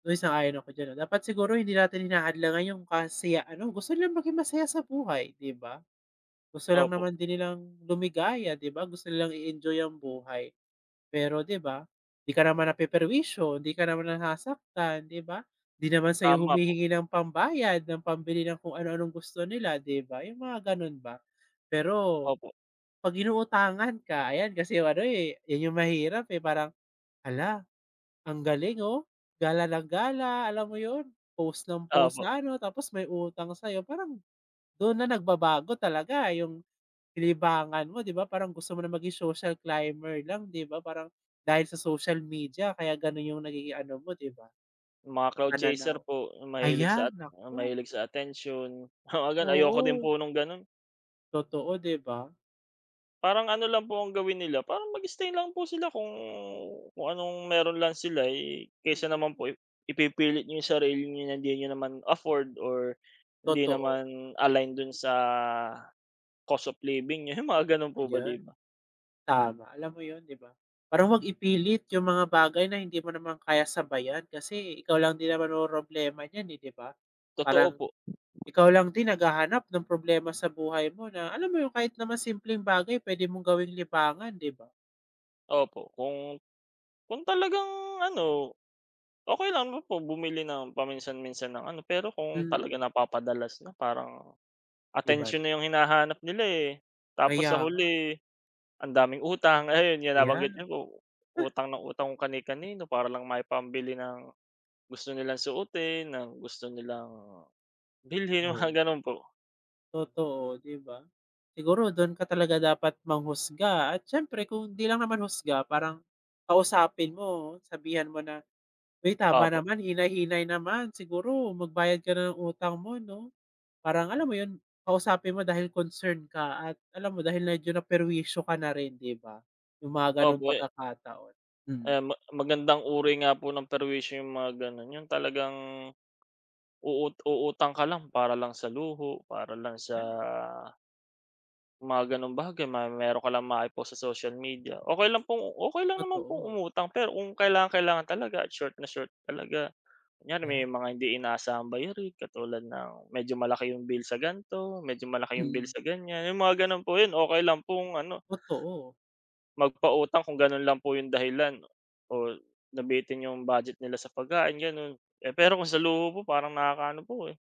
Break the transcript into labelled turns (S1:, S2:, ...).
S1: Uy, sang-ayon ako diyan 'no, dapat siguro hindi natin hinahadlangan yung kasiya ano gusto nilang maging masaya sa buhay, di ba? Gusto lang
S2: Opo.
S1: naman din nilang lumigaya, di ba. Gusto nilang i-enjoy ang buhay. Pero di ba, di ka naman napeperwisyo di ka naman nasasaktan, di ba? Di naman sayo
S2: Tama po.
S1: humihingi ng pambayad, ng pambili ng kung ano anong gusto nila, di ba, yung mga ganun ba. Pero,
S2: Opo.
S1: pag inuutangan ka ayan kasi ano eh, yan yung mahirap eh, parang, hala, ang galing oh, gala ng gala alam mo yun? Post ng post
S2: Opo.
S1: na ano, tapos may utang sa'yo. Parang dun na nagbabago talaga yung libangan mo di ba, parang gusto mo na maging social climber lang di ba. Parang dahil sa social media kaya ganun yung nagiging ano, mo di ba,
S2: Mga crowd chaser
S1: pananaw
S2: po mahilig
S1: ayan.
S2: sa at
S1: Naku.
S2: mahilig sa atensyon. Oo, gan ayoko din
S1: Oo.
S2: po nung ganon.
S1: Totoo, di ba?
S2: Parang ano lang po ang gawin nila, parang mag-stay lang po sila kung kung anong meron lang sila, eh. Kaysa
S1: Mm,
S2: naman
S1: hmm.
S2: po ip ipipilit yung sarili niyo na hindi niyo naman afford or hindi
S1: Totoo.
S2: naman align dun sa cost of living niyo, yung mga ganun po ba,
S1: Ayan
S2: di ba?
S1: tama, alam mo yun, di ba? Parang 'wag ipilit yung mga bagay na hindi mo naman kaya sabayan, kasi ikaw lang din naman mamomroblema niyan eh, di ba?
S2: Totoo
S1: Parang,
S2: po.
S1: ikaw lang din naghahanap ng problema sa buhay mo, na alam mo yung kahit naman simpleng bagay pwede mong gawing libangan, di ba?
S2: Opo, kung kung talagang ano, okey lang po bumili ng paminsan-minsan ng ano, pero kung
S1: Mm.
S2: talagang napapadalas na parang
S1: Iba na.
S2: atensyon na yung hinahanap nila, eh. Tapos sa
S1: Kaya nga.
S2: huli ang daming utang, ayun yung nabanggit
S1: Yan.
S2: niyo po. Utang ng utang kani-kanino, para lang maipambili ng gusto nilang suotin, ng gusto nilang bilhin, mga
S1: Oo.
S2: ganun po.
S1: Totoo, di ba? Siguro dun ka talaga dapat manghusga at siyempre kung di lang naman husga parang kausapin mo sabihan mo na, "Uy tama
S2: Opo.
S1: naman, hinay-hinay naman. Siguro magbayad ka na ng utang mo 'no." Parang alam mo yun, kausapin mo dahil concern ka at alam mo dahil medyo naperwisyo ka na rin, di ba? Yung mga ganong
S2: Opo, eh.
S1: pagkakataon, mm.
S2: Ayan, ma magandang uri nga po ng perwisyo yung mga ganun, yun talagang, uu uutang ka lang para lang sa luho para lang sa
S1: Ay.
S2: mga ganong bagay, may meron ka lang mai-post sa social media. Okey lang pong, okey lang naman pong
S1: Totoo.
S2: umutang pero kung kailangang-kailangan talaga at short na short talaga. Kunyari may
S1: Yan.
S2: mga hindi inaasahang bayarin katulad ng medyo malaki yung bill sa gan'to, medyo malaki yung bill
S1: Mm.
S2: sa ganyan. Yung mga ganon po, yun okey lang pong ano.
S1: Totoo.
S2: Magpautang kung ganun lang po yung dahilan o nabitin yung budget nila sa pagkain ganon. Eh pero kung sa luho po, parang nakakaano po, eh.